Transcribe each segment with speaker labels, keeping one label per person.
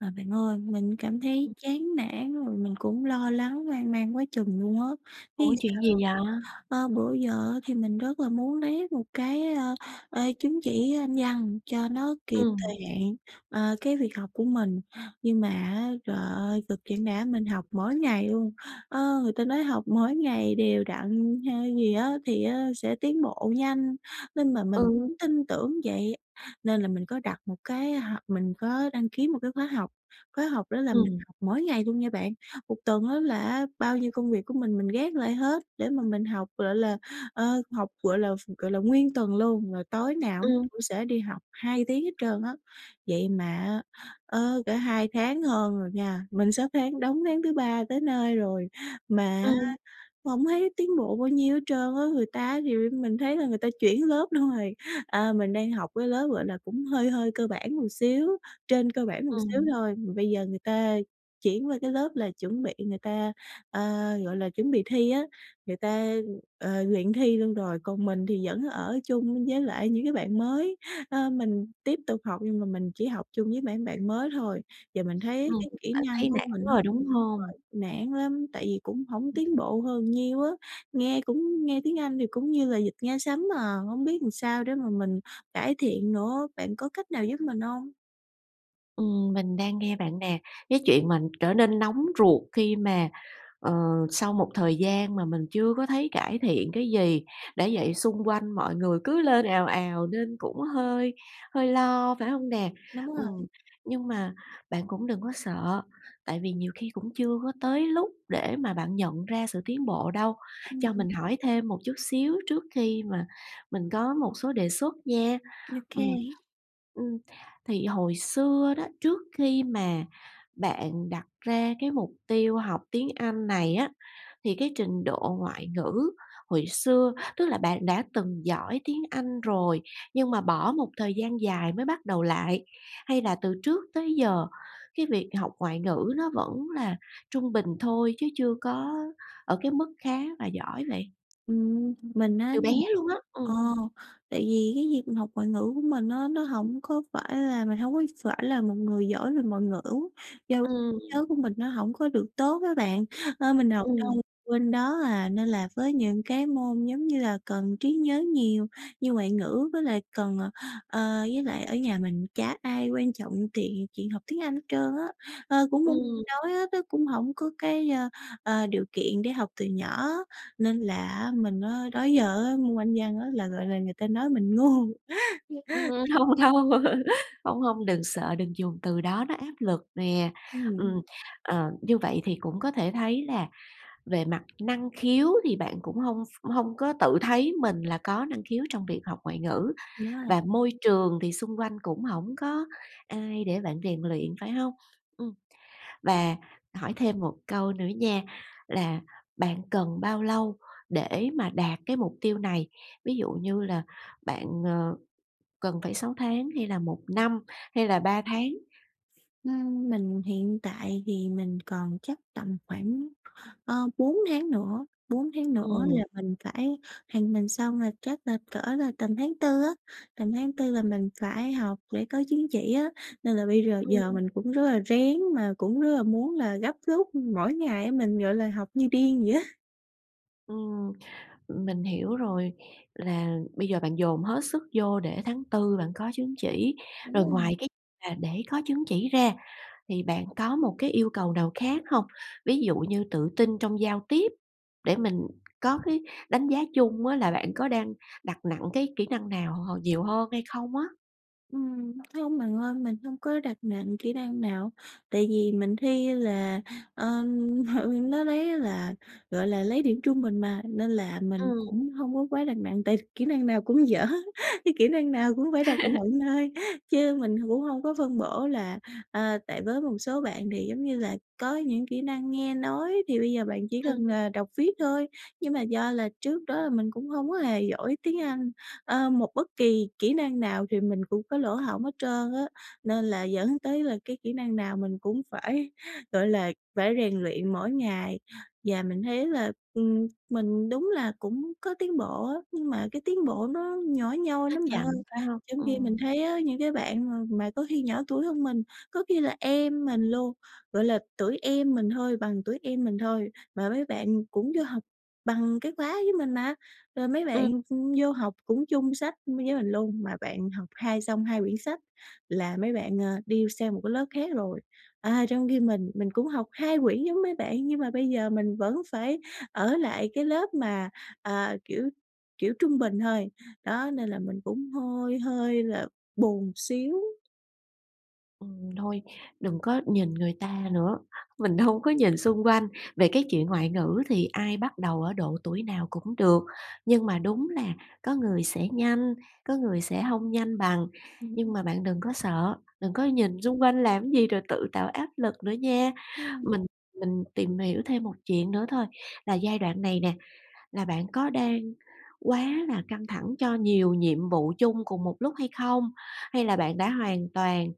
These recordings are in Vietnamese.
Speaker 1: À, bạn ơi, mình cảm thấy chán nản, rồi mình cũng lo lắng hoang mang quá chừng luôn á, biết
Speaker 2: Ủa,
Speaker 1: làm
Speaker 2: chuyện
Speaker 1: sao
Speaker 2: gì
Speaker 1: hông
Speaker 2: vậy?
Speaker 1: ơ, bữa giờ á thì mình rất là muốn lấy một cái, ơ, chứng chỉ Anh Văn cho nó kịp thời
Speaker 2: Ừm.
Speaker 1: hạn, ờ, cái việc học của mình, nhưng mà á, trời ơi, cực chẳng đã mình học mỗi ngày luôn. Ơ, người ta nói học mỗi ngày đều đặn hay gì á thì á sẽ tiến bộ nhanh, nên mà mình
Speaker 2: Ừ.
Speaker 1: cũng tin tưởng vậy, nên là mình có đặt một cái h mình có đăng ký một cái khóa học, khóa học đó là mình
Speaker 2: Ừm.
Speaker 1: học mỗi ngày luôn nha bạn. Một tuần á là á bao nhiêu công việc của mình mình gác lại hết để mà mình học, gọi là, ờ, học, gọi là, gọi là, ph nguyên tuần luôn, rồi tối nào mình
Speaker 2: Ừm.
Speaker 1: cũng sẽ đi học 2 tiếng hết trơn á. Vậy mà á, ờ, cỡ 2 tháng hơn rồi nha, mình sắp tháng đóng tháng thứ ba tới nơi rồi, mà á
Speaker 2: Ừm.
Speaker 1: hổng thấy tiến bộ bao nhiêu hết trơn á, người ta á thì mình thấy là người ta chuyển lớp luôn rồi. À, mình đang học cái lớp, gọi là, cũng hơi hơi cơ bản một xíu, trên cơ bản một xíu
Speaker 2: Ừm.
Speaker 1: thôi, mà bây giờ người ta chuyển qua cái lớp là chuẩn bị người ta, ờ, gọi là, chuẩn bị thi á, người ta, ờ, luyện thi luôn rồi. Còn mình thì vẫn ở chung với lại những cái bạn mới, ờ, mình tiếp tục học nhưng mà mình chỉ học chung với mảng bạn mới thôi. Và mình thấy
Speaker 2: Ừm,
Speaker 1: cái kỹ
Speaker 2: bạn
Speaker 1: năng
Speaker 2: thấy
Speaker 1: của
Speaker 2: nản
Speaker 1: mình á
Speaker 2: rồi, đúng hông?
Speaker 1: [unintelligible] nản lắm, tại vì cũng hổng tiến bộ hơn nhiêu á, nghe cũng nghe tiếng Anh thì cũng như là vịt nghe sấm à, hổng biết làm sao để mà mình cải thiện nữa. Bạn có cách nào giúp mình hông?
Speaker 2: Ừm, mình đang nghe bạn nè. Cái chuyện mà trở nên nóng ruột khi mà, ờ, sau một thời gian mà mình chưa có thấy cải thiện cái gì, đã vậy xung quanh mọi người cứ lên ào ào nên cũng hơi hơi lo, phải hông nè?
Speaker 1: Đúng rồi
Speaker 2: Ừm. Nhưng mà bạn cũng đừng có sợ, tại vì nhiều khi cũng chưa có tới lúc để mà bạn nhận ra sự tiến bộ đâu.
Speaker 1: Ừm,
Speaker 2: Cho
Speaker 1: ừm.
Speaker 2: mình hỏi thêm một chút xíu trước khi mà mình có một số đề xuất nha.
Speaker 1: Ô
Speaker 2: Ừm.
Speaker 1: kê.
Speaker 2: Ưm, thì hồi xưa đó, trước khi mà bạn đặt ra cái mục tiêu học tiếng Anh này á, thì cái trình độ ngoại ngữ hồi xưa, tức là bạn đã từng giỏi tiếng Anh rồi nhưng mà bỏ một thời gian dài mới bắt đầu lại, hay là từ trước tới giờ cái việc học ngoại ngữ nó vẫn là trung bình thôi chứ chưa có ở cái mức khá và giỏi vậy?
Speaker 1: Ừm. Mình á
Speaker 2: Từ bé
Speaker 1: nh
Speaker 2: luôn á, ừ.
Speaker 1: ờ, tại vì cái việc mình học ngoại ngữ của mình á nó hổng có phải là mình hông có phải là một người giỏi về ngoại ngữ. Do
Speaker 2: Ừm.
Speaker 1: trí nhớ của mình nó hổng có được tốt á bạn, nên mình học
Speaker 2: Ừm.
Speaker 1: đâu quên đó, à. Nên là với những cái môn giống như là cần trí nhớ nhiều như ngoại ngữ với lại cần, ờ, ờ, với lại ở nhà mình chả ai quan trọng tiện chuyện học tiếng Anh hết trơn á. Ờ, cũng muốn
Speaker 2: Ừm.
Speaker 1: nói á, tức cũng hổng có cái, ờ, ờ, điều kiện để học từ nhỏ, nên là mình á, đó giờ á môn Anh văn á, là, gọi là, người ta nói mình ngu.
Speaker 2: Ừm, ừm, hông đâu, hông, hông, đừng sợ, đừng dùng từ đó nó áp lực nè. Ừm,
Speaker 1: Ừm.
Speaker 2: ờ, như vậy thì cũng có thể thấy là về mặt năng khiếu thì bạn cũng hông ph hông có tự thấy mình là có năng khiếu trong việc học ngoại ngữ,
Speaker 1: Đúng rồi.
Speaker 2: và môi trường thì xung quanh cũng hổng có ai để bạn rèn luyện, phải hông? Ừm. Và hỏi thêm một câu nữa nha, là bạn cần bao lâu để mà đạt cái mục tiêu này, ví dụ như là bạn, ờ, cần phải 6 tháng hay là 1 năm hay là 3 tháng?
Speaker 1: Ừm. Mình hiện tại thì mình còn chắc tầm khoảng, ờ, 4 tháng nữa. 4 tháng nữa
Speaker 2: Ừm.
Speaker 1: là mình phải thì mình xong là chắc là cỡ là tầm tháng Tư á, tầm tháng Tư là mình phải học để có chứng chỉ á. Nên là bây rờ
Speaker 2: Ừm.
Speaker 1: giờ mình cũng rất là rén mà cũng rất là muốn là gấp rút mỗi ngày á, mình, gọi là, học như điên vậy á.
Speaker 2: Ừm, mình hiểu rồi, là bây giờ bạn dồn hết sức vô để tháng Tư bạn có chứng chỉ,
Speaker 1: Đúng
Speaker 2: rồi
Speaker 1: rồi.
Speaker 2: ngoài cái mà để có chứng chỉ ra thì bạn có một cái yêu cầu nào khác hông? Ví dụ như tự tin trong giao tiếp, để mình có cái đánh giá chung á là bạn có đang đặt nặng cái kỹ năng nào h nhiều hơn hay không á.
Speaker 1: Ừm, hông bạn ơi, mình hông có đặt nặng kỹ năng nào. Tại vì mình thi là, ờ, nó lấy á là, gọi là, lấy điểm trung bình mà, nên là mình
Speaker 2: Ừm.
Speaker 1: cũng hông có quá đặt nặng, tại kỹ năng nào cũng dở, cái kỹ năng nào cũng phải đặt nựng thôi. Chứ mình h cũng hông có phân bổ là ờ, tại với một số bạn thì, giống như là, có những kỹ năng nghe nói thì bây giờ bạn chỉ
Speaker 2: Ừm.
Speaker 1: cần, à, đọc viết thôi. Nhưng mà do là trước đó là mình cũng hông có hề giỏi tiếng Anh, ơ, một bất kỳ kỹ năng nào thì mình cũng có lỗ hổng hết trơn á nên là dẫn tới là cái kỹ năng nào mình cũng phải, gọi là, phải rèn luyện mỗi ngày. Và mình thấy là, ừm, mình đúng là cũng có tiến bộ á, nhưng mà cái tiến bộ nó nhỏ nhoi
Speaker 2: Nó
Speaker 1: lắm bạn ơi.
Speaker 2: chậm, phải hông?
Speaker 1: Trong khi mình
Speaker 2: Ừm.
Speaker 1: thấy á những cái bạn mà mà có khi nhỏ tuổi hơn mình, có khi là em mình luôn, gọi là, tuổi em mình thôi, bằng tuổi em mình thôi mà mấy bạn cũng vô học bằng cái khóa với mình mà, rồi mấy
Speaker 2: Ừm.
Speaker 1: bạn, ừm, vô học cũng chung sách m với mình luôn, mà bạn học hai xong 2 quyển sách là mấy bạn, ờ, đi sang một cái lớp khác rồi. À, trong khi mình, mình cũng học 2 quyển giống mấy bạn nhưng mà bây giờ mình vẫn phải ở lại cái lớp mà, ờ, kiểu kiểu, trung bình thôi. Đó, nên là mình cũng hơi hơi là buồn xíu.
Speaker 2: Ừm, thôi, đừng có nhìn người ta nữa, mình hông có nhìn xung quanh. Về cái chuyện ngoại ngữ thì ai bắt đầu ở độ tuổi nào cũng được, nhưng mà đúng là có người sẽ nhanh, có người sẽ hông nhanh bằng, nhưng
Speaker 1: [unintelligible]
Speaker 2: mà bạn đừng có sợ, đừng có
Speaker 1: Ừm.
Speaker 2: nhìn xung quanh làm cái gì rồi tự tạo áp lực nữa nha.
Speaker 1: [unintelligible]
Speaker 2: Mình mình tìm hiểu thêm một chuyện nữa thôi, là giai đoạn này nè, là bạn có đang quá là căng thẳng cho nhiều nhiệm vụ chung cùng một lúc hay không? Hay là bạn đã hoàn toàn,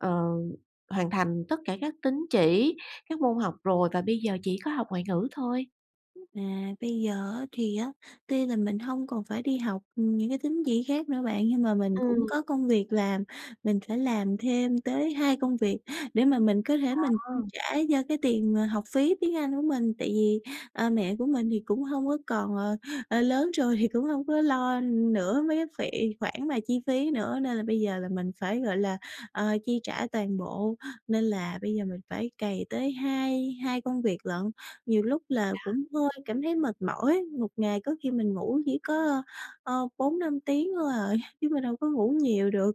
Speaker 2: ờ, hoàn thành tất cả các tín chỉ, các môn học rồi và bây giờ chỉ có học ngoại ngữ thôi?
Speaker 1: À, bây giờ á, thì á tuy là mình hông còn phải đi học những cái tín chỉ khác nữa bạn nhưng mà mình cũng
Speaker 2: Ừm.
Speaker 1: có công việc làm. Mình phải làm thêm tới 2 công việc để mà mình có thể mình
Speaker 2: Ờ.
Speaker 1: chi trả cho cái tiền, à, học phí tiếng Anh của mình. Tại vì, ờ, mẹ của mình thì cũng hông có còn, ờ ờ, lớn rồi thì cũng hông có lo nữa mấy cái phị khoản mà chi phí nữa, nên là bây giờ là mình phải, gọi là, ờ, chi trả toàn bộ, nên là bây giờ mình phải cày tới hai hai công việc lận. Nhiều lúc là cũng
Speaker 2: Đó.
Speaker 1: hơi cảm thấy mệt mỏi, một ngày có khi mình ngủ chỉ có, ờ, 4-5 tiếng thôi à, chứ mình đâu có ngủ nhiều được.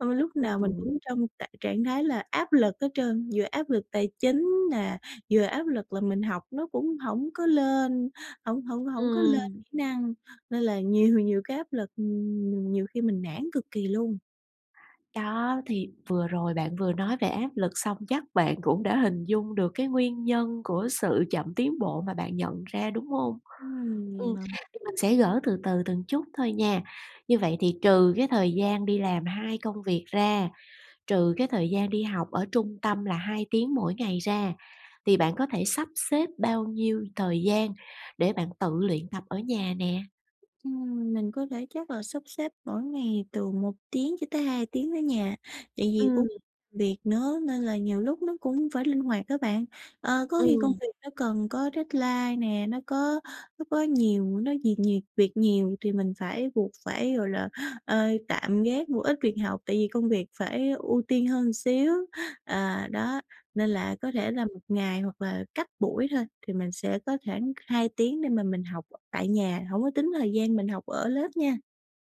Speaker 1: Mà mình lúc nào mình
Speaker 2: Ừm.
Speaker 1: cũng trong trạng trạng thái là áp lực hết trơn, vừa áp lực tài chính nè, vừa áp lực là mình học nó cũng hổng có lên, hổng hổng hổng có lên
Speaker 2: Ừm.
Speaker 1: kỹ năng nên là nhiều nhiều cái áp lực nhiều khi mình nản cực kỳ luôn.
Speaker 2: Đó, thì vừa rồi bạn vừa nói về áp lực, xong chắc bạn cũng đã hình dung được cái nguyên nhân của sự chậm tiến bộ mà bạn nhận ra, đúng hông?
Speaker 1: Ừm, vậy
Speaker 2: Ừm,
Speaker 1: hả?
Speaker 2: thì mình sẽ gỡ từ từ từng chút thôi nha! Như vậy thì trừ cái thời gian đi làm hai công việc ra, trừ cái thời gian đi học ở trung tâm là 2 tiếng mỗi ngày ra, thì bạn có thể sắp xếp bao nhiêu thời gian để bạn tự luyện tập ở nhà nè?
Speaker 1: Ừm, mình có thể chắc là sắp xếp mỗi ngày từ 1 tiếng cho tới 2 tiếng ở nhà, tại vì
Speaker 2: Ừm.
Speaker 1: cũng việc nữa, nên là nhiều lúc nó cũng phải linh hoạt á bạn. Ờ, có khi công
Speaker 2: Ừm.
Speaker 1: việc nó cần có deadline nè, nó có nó có nhiều những có nhiệt nhiều việc nhiều thì mình mình phải buộc phải, gọi là, ơ, tạm gác một ít việc học tại vì công việc phải ưu tiên hơn xíu. À, đó, nên là có thể là một ngày, hoặc là cách buổi thôi thì mình sẽ có khoảng 2 tiếng để mà mình học tại nhà, hổng có tính thời gian mình học ở lớp nha.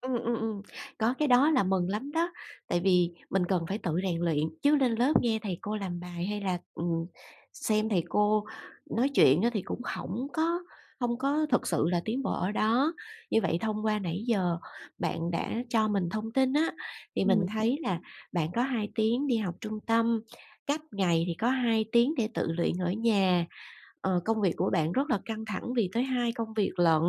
Speaker 2: Ừm, ừm, ừm, có cái đó là mừng lắm đó, tại vì mình cần phải tự rèn luyện, chứ lên lớp nghe thầy cô làm bài, hay là, ừm, xem thầy cô nói chuyện á thì cũng hổng có hông có thực sự là tiến bộ ở đó. Như vậy thông qua nãy giờ bạn đã cho mình thông tin á, thì mình
Speaker 1: Ừm.
Speaker 2: thấy là bạn có 2 tiếng đi học trung tâm, cách ngày thì có 2 tiếng để tự luyện ở nhà. Ờ, công việc của bạn rất là căng thẳng vì tới hai công việc lận,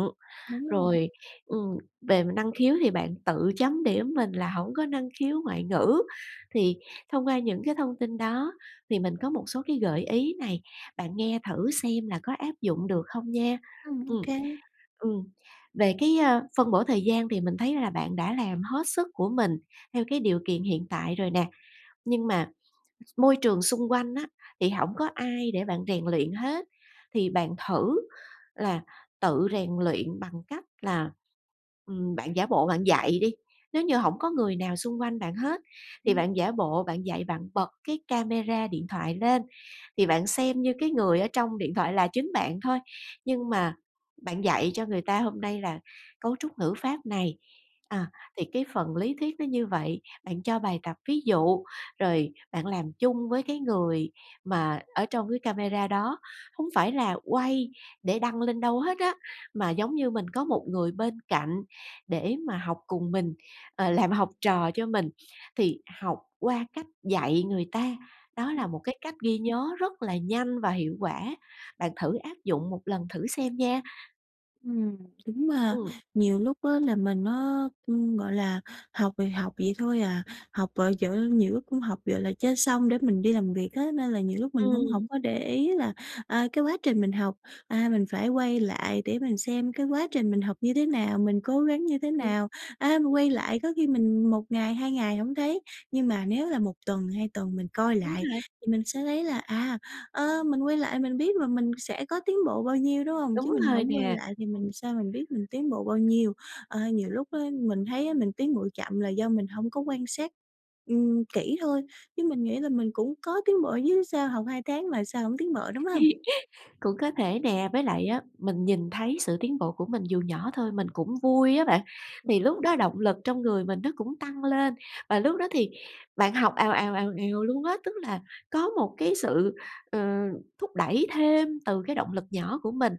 Speaker 1: Đúng rồi.
Speaker 2: rồi, ừm, về năng khiếu thì bạn tự chấm điểm mình là hổng có năng khiếu ngoại ngữ thì thông qua những cái thông tin đó thì mình có một số cái gợi ý này, bạn nghe thử xem là có áp dụng được không nha.
Speaker 1: Ừm.
Speaker 2: Ừm.
Speaker 1: OK.
Speaker 2: Ừm. Về cái, ơ, phân bổ thời gian thì mình thấy là bạn đã làm hết sức của mình theo cái điều kiện hiện tại rồi nè, nhưng mà môi trường xung quanh á, thì hổng có ai để bạn rèn luyện hết thì bạn thử là tự rèn luyện bằng cách là, ừm, bạn giả bộ bạn dạy đi. Nếu như hổng có người nào xung quanh bạn hết thì
Speaker 1: Ừm.
Speaker 2: bạn giả bộ bạn dạy, bạn bật cái camera điện thoại lên thì bạn xem như cái người ở trong điện thoại là chính bạn thôi, nhưng mà bạn dạy cho người ta hôm nay là cấu trúc ngữ pháp này,
Speaker 1: Đúng
Speaker 2: à,
Speaker 1: ha!
Speaker 2: thì cái phần lý thuyết nó như vậy, bạn cho bài tập ví dụ, rồi bạn làm chung với cái người mà ở trong cái camera đó. Hông phải là quay để đăng lên đâu hết á, mà giống như mình có một người bên cạnh để mà học cùng mình, ờ, làm học trò cho mình. Thì học qua cách dạy người ta, đó là
Speaker 1: Ừm.
Speaker 2: một cái cách ghi nhớ rất là nhanh và hiệu quả. Bạn thử áp dụng một lần thử xem nha.
Speaker 1: Ừm, đúng mà.
Speaker 2: Ừm.
Speaker 1: Nhiều lúc á là mình á, ưm, gọi là, học thì học vậy thôi à, học, ờ, ch nhiều lúc cũng học, gọi là, cho xong để mình đi làm việc á, nên là nhiều lúc mình cũng
Speaker 2: Ừm.
Speaker 1: hổng có để ý là, à, cái quá trình mình học, à, mình phải quay lại để mình xem cái quá trình mình học như thế nào, mình cố gắng như thế
Speaker 2: Ừm.
Speaker 1: nào. À, mình quay lại có khi mình 1 ngày, 2 ngày hổng thấy, nhưng mà nếu là 1 tuần, 2 tuần mình coi
Speaker 2: Đúng
Speaker 1: lại
Speaker 2: rồi.
Speaker 1: thì mình sẽ thấy là, à, ơ, mình quay lại mình biết và mình sẽ có tiến bộ bao nhiêu, đúng hông? Chứ
Speaker 2: Đúng
Speaker 1: mình
Speaker 2: rồi
Speaker 1: hổng quay
Speaker 2: nè,
Speaker 1: lại thì
Speaker 2: ừm.
Speaker 1: mình sao mình biết mình tiến bộ bao nhiêu? Ơ, nhiều lúc á mình thấy á mình tiến bộ chậm là do mình hông có quan sát, ừm, kỹ thôi, chứ mình nghĩ là mình cũng có tiến bộ chứ, sao học 2 tháng mà sao hổng tiến bộ, đúng hông?
Speaker 2: Cũng có thể nè. Với lại á, mình nhìn thấy sự tiến bộ của mình dù nhỏ thôi, mình cũng vui á bạn, thì
Speaker 1: [unintelligible]
Speaker 2: lúc đó động lực trong người mình nó cũng tăng lên, và lúc đó thì bạn học ào ào, ào ào luôn á, tức là có một cái sự, ờ, thúc đẩy thêm từ cái động lực nhỏ của mình.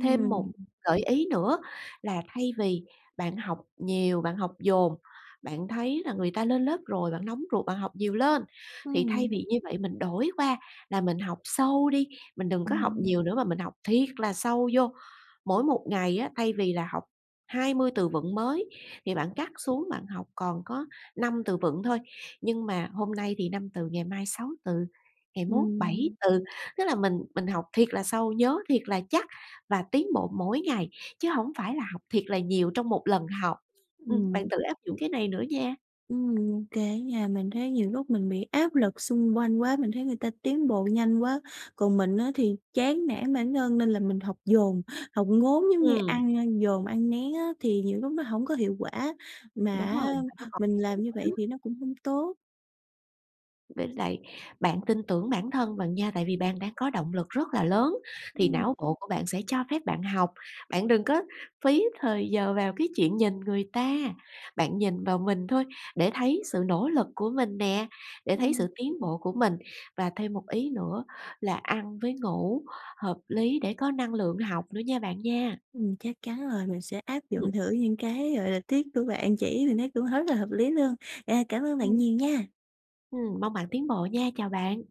Speaker 2: Thêm một gợi ý nữa là thay vì bạn học nhiều, bạn học dồn, bạn thấy là người ta lên lớp rồi, bạn nóng ruột, bạn học nhiều lên, thì thay
Speaker 1: Ừm.
Speaker 2: vì như vậy mình đổi qua là mình học sâu đi, mình đừng có học
Speaker 1: Ừm.
Speaker 2: nhiều nữa mà mình học thiệt là sâu vô. Mỗi một ngày á, thay vì là học 20 từ vựng mới thì bạn cắt xuống, bạn học còn có 5 từ vựng thôi. Nhưng mà hôm nay thì 5 từ ngày mai 6 từ, ngày mốt 7
Speaker 1: Ừm.
Speaker 2: từ, tức là mình mình học thiệt là sâu, nhớ thiệt là chắc và tiến bộ mỗi ngày, chứ hổng phải là học thiệt là nhiều trong một lần học, ừm, bạn
Speaker 1: Ừm.
Speaker 2: tự áp dụng cái này nữa nha.
Speaker 1: Ừm, ô kê á nha. Mình thấy nhiều lúc mình bị áp lực xung quanh quá. Mình thấy người ta tiến bộ nhanh quá, còn mình á thì chán nản bản thân nên là mình học dồn, học ngốn giống như
Speaker 2: Ừm.
Speaker 1: ăn ăn dồn ăn nén á, thì nhiều lúc nó hổng có hiệu quả, mà
Speaker 2: Đúng rồi,
Speaker 1: á
Speaker 2: mà nó còn [unintelligible]
Speaker 1: mình
Speaker 2: nữa
Speaker 1: làm như vậy
Speaker 2: đó.
Speaker 1: thì nó cũng hông tốt.
Speaker 2: Với lại bạn tin tưởng bản thân bạn nha, tại vì bạn đã có động lực rất là lớn thì
Speaker 1: Ừm.
Speaker 2: não bộ của bạn sẽ cho phép bạn học. Bạn đừng có phí thời giờ vào cái chuyện nhìn người ta! Bạn nhìn vào mình thôi để thấy sự nỗ lực của mình nè, để thấy sự
Speaker 1: Ừm.
Speaker 2: tiến bộ của mình. Và thêm một ý nữa là ăn với ngủ hợp lý để có năng lượng học nữa nha bạn nha.
Speaker 1: Ừm, chắc chắn rồi, mình sẽ áp
Speaker 2: Ừm.
Speaker 1: dụng thử những cái, gọi là, tip của bạn chỉ, mình thấy cũng hất là hợp lý luôn. À, cảm ơn bạn
Speaker 2: Ừm.
Speaker 1: nhiều nha!
Speaker 2: Ừm, mong bạn tiến bộ nha, chào bạn!